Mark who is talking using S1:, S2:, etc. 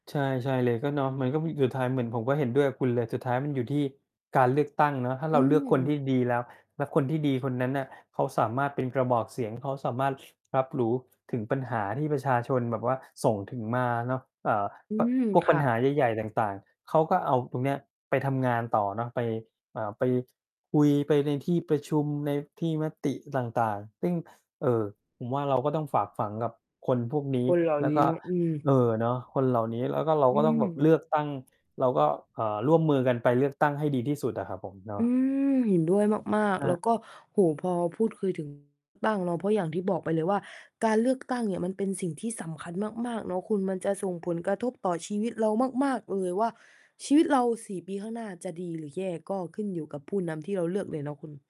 S1: ใช่ ใช่เลย ก็เนาะ มันก็มี สุดท้าย เหมือนผมก็เห็นด้วยกับคุณเลย สุดท้าย มันอยู่ที่การเลือกตั้งเนาะ ถ้า
S2: อ
S1: เร
S2: ื
S1: าเลือกคนท
S2: ม
S1: ี่ดีแล้ว แล้วคนที่ดีคนนั้นน่ะเขาสามารถเป็นกระบอกเสียง เขาสามารถ รับรู้ถึงปัญหาที่ประชาชนแบบว่าส่งถึงมาเนาะ เอ่อ
S2: อืม
S1: พวก
S2: ค
S1: ปัญ
S2: ่
S1: ห
S2: ะ
S1: าใหญ่ ๆ ต่าง ๆ เขาก็เอาตรงเนี้ยไปทำงานต่อเนาะ ไป เอ่อ ไปคุย ไปในที่ประชุม ในที่มติต่าง ๆ ซึ่ง เอ่อ ผมว่า เราก็ต้องฝากฝังกับคนพวกนี้
S2: คนเหล่า
S1: แล้ว
S2: นี
S1: ก
S2: ้
S1: ็
S2: เนาะ อืม
S1: เออ เนาะ คนเหล่านี้ แล้วก็ เรา
S2: อื
S1: ก็ต้องแบบ
S2: ม
S1: เลือกตั้ง เราก็ เอ่อ ร่วมมือกันไปเลือกตั้งให้ดีที่สุดอะครับผม เนา
S2: อื
S1: ะ
S2: ม เห็นด้วยมาก
S1: อ
S2: ๆ แ
S1: า
S2: ล้วก็ โอ้โฮ พอพูดคุย ถึง ตั้งเนาะ เพราะอย่างที่บอกไปเลยว่า การเลือกตั้งเนี่ยมันเป็นสิ่งที่สำคัญมาก ๆ เนาะคุณ มันจะส่งผลกระทบต่อชีวิตเรามาก ๆ เลยว่า ชีวิตเรา 4 ปีข้างหน้าจะดีหรือแย่ ก็ขึ้นอยู่กับผู้นำที่เราเลือกเลยเนาะคุณ